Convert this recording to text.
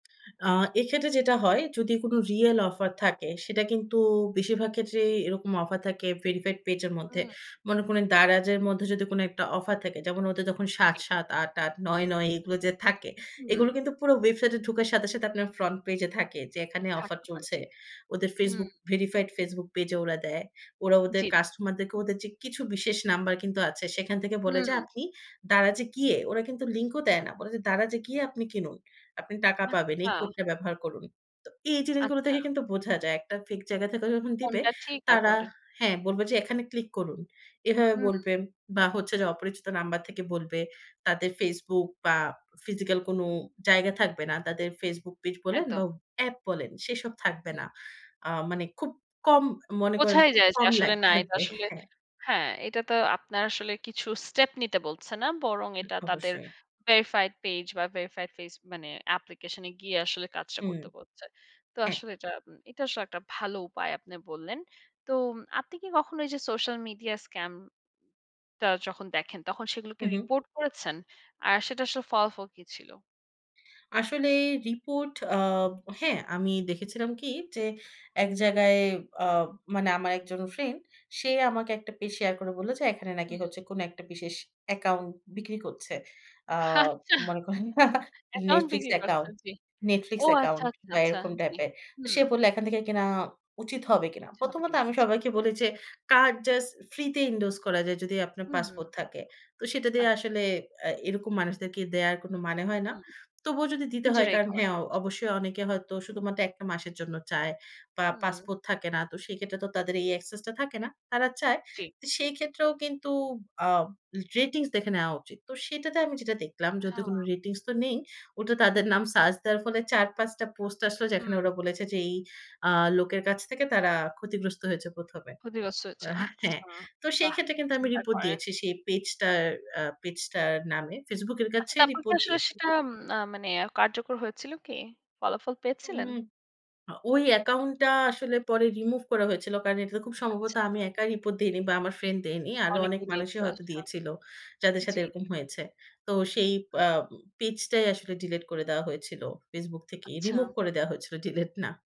আ এক্ষেত্রে যেটা হয়, যদি কোন real offer থাকে সেটা কিন্তু বেশিরভাগ ক্ষেত্রেই এরকম অফার থাকে verified পেজের মধ্যে। হুম। মনে করেন দারাজের মধ্যে যদি কোন একটা অফার থাকে যেমন ওদের যখন ঠিক। ৭.৭, ৮.৮, ৯.৯ এগুলো যে থাকে হুম। এগুলো কিন্তু পুরো ওয়েবসাইটে ঢোকার সাথে সাথে আপনার front page এ থাকে যে এখানে অফার থাকতে পারে চলছে। জি। ওদের হুম। ফেসবুক ভেরিফাইড ফেসবুক পেজে ওরা দেয়। ওরা ওদের জ্বী। কাস্টমার দেরকে ওদের যে কিছু বিশেষ নাম্বার কিন্তু আছে। এখান থেকে বলে যে হুম। "আপনি দারাজে গিয়ে" ওরা কিন্তু লিঙ্ক ও দেয় হুম। না। বলে যে "দারাজে গিয়ে আপনি কিনুন। আপনি টাকা পাবেন। এই আচ্ছা। কোডটা ব্যবহার করুন।" তো এই জিনিসগুলো আচ্ছা। থেকে কিন্তু বোঝা যায়। একটা ফেক জায়গা থেকে যখন দিবে, কোনটা ঠিক আর তারা কোনটা হ্যাঁ, বলবে যে এখানে ক্লিক করুন। এভাবে হুম। বলবে বা হচ্ছে যে অপরিচিত নাম্বার থেকে বলবে। তাদের ফেসবুক বা ফিজিক্যাল কোন জায়গা থাকবে না। তাদের ফেসবুক পেজ বলেন একদম। বা অ্যাপ বলেন সেসব থাকবে হুম। না। আ মানে খুব কম মনে করেন বোঝাই খুব যায় যে কম আসলে লাইক না। এটা থাকবে। আসলে হ্যাঁ। হ্যাঁ, এটা তো আপনার আসলে কিছু স্টেপ নিতে বলছে না। বরং এটা তাদের অবশ্যই। ভেরিফাইড পেজ বা verified page মানে application এ গিয়ে আসলে কাজটা হুম। করতে বলছে। তো হ্যাঁ। আসলে এটা, এটা আসলে একটা ভালো উপায় আপনি বললেন। তো আপনি কি কখনো এই যে সোশ্যাল মিডিয়া scam টা যখন দেখেন তখন সেগুলো কি হু, হু। রিপোর্ট করেছেন? আর সেটা আসলে ফলাফল কি ছিল? আসলে রিপোর্ট আ হ্যাঁ আমি দেখেছিলাম কি, যে এক জায়গায় অ মানে আমার ১ জন ফ্রেন্ড সে আমাকে একটা পেজ শেয়ার করে বলল যে এখানে নাকি হুম। হচ্ছে কোন একটা বিশেষ অ্যাকাউন্ট বিক্রি করছে। আ আচ্ছা। মনে করেন অ্যাকাউন্ট নেটফ্লিক্স বিক্রি করছে। অ্যাকাউন্ট। জ্বী। নেটফ্লিক্স ও আচ্ছা, অ্যাকাউন্ট আচ্ছা, বা আচ্ছা। এরকম জ্বী। টাইপের। হুম। সে বলল "এখান থেকে কিনা উচিত হবে কিনা।" আচ্ছা, হবে প্রথমত কিনা? আমি আচ্ছা। সবাইকে বলি যে "কার্ড জাস্ট ফ্রি তে endorse করা যায় যদি আপনার পাসপোর্ট হুম। থাকে।" তো সেটা দিয়ে আচ্ছা। আসলে আ এরকম মানুষদেরকে দেয়ার কোন মানে হয় না। হুম, তবুও যদি দিতে হয় নিজেরাই কারণ করে। হ্যাঁ, অবশ্যই অনেকে হয়তো শুধুমাত্র ১ টা মাসের জন্য চায় বা হুম। পাসপোর্ট থাকে না। তো সেক্ষেত্রে তো তাদের এই access টা থাকে না। তারা চায়। জ্বী। তো সেই ক্ষেত্রেও কিন্তু আ রেটিংস দেখে নেওয়া উচিত। তো সেটাতে আমি যেটা দেখলাম যেহেতু হ্যাঁ। কোন রেটিংস তো নেই। ওটা তাদের নাম সার্চ দেওয়ার ফলে ৪ ৫ টা পোস্ট আসলো যেখানে হুম। ওরা বলেছে যে এই আ লোকের কাছ থেকে তারা ক্ষতিগ্রস্ত হয়েছে প্রথমে। ক্ষতিগ্রস্ত হয়েছে। হ্যাঁ। আচ্ছা, তো সেই বাহ! ক্ষেত্রে কিন্তু আমি চিন্তা রিপোর্ট করেন। দিয়েছি। সেই পেজটার আ পেজটার নামে ফেসবুকের আচ্ছা, কাছে তারপর কি রিপোর্ট আসলে দিয়েছি। সেটা এম মানে কার্যকর হয়েছিল কি? ফলাফল হু, পেয়েছিলেন? হু। ওই অ্যাকাউন্ট টা আসলে পরে রিমুভ করা হয়েছিল। কারণ এটা খুব সম্ভবত আচ্ছা। আমি একা রিপোর্ট দেইনি বা আমার ফ্রেন্ড দেয়নি। আরো অনেক অনেকেই দিয়েছে মানুষই হয়তো আচ্ছা। দিয়েছিল। যাদের সাথে জ্বী। এরকম হয়েছে। তো সেই হু। আ পেজটাই আসলে ডিলিট করে দেয়া হয়েছিল ফেসবুক থেকে। রিমুভ আচ্ছা। করে দেয়া হয়েছিল ডিলিট না।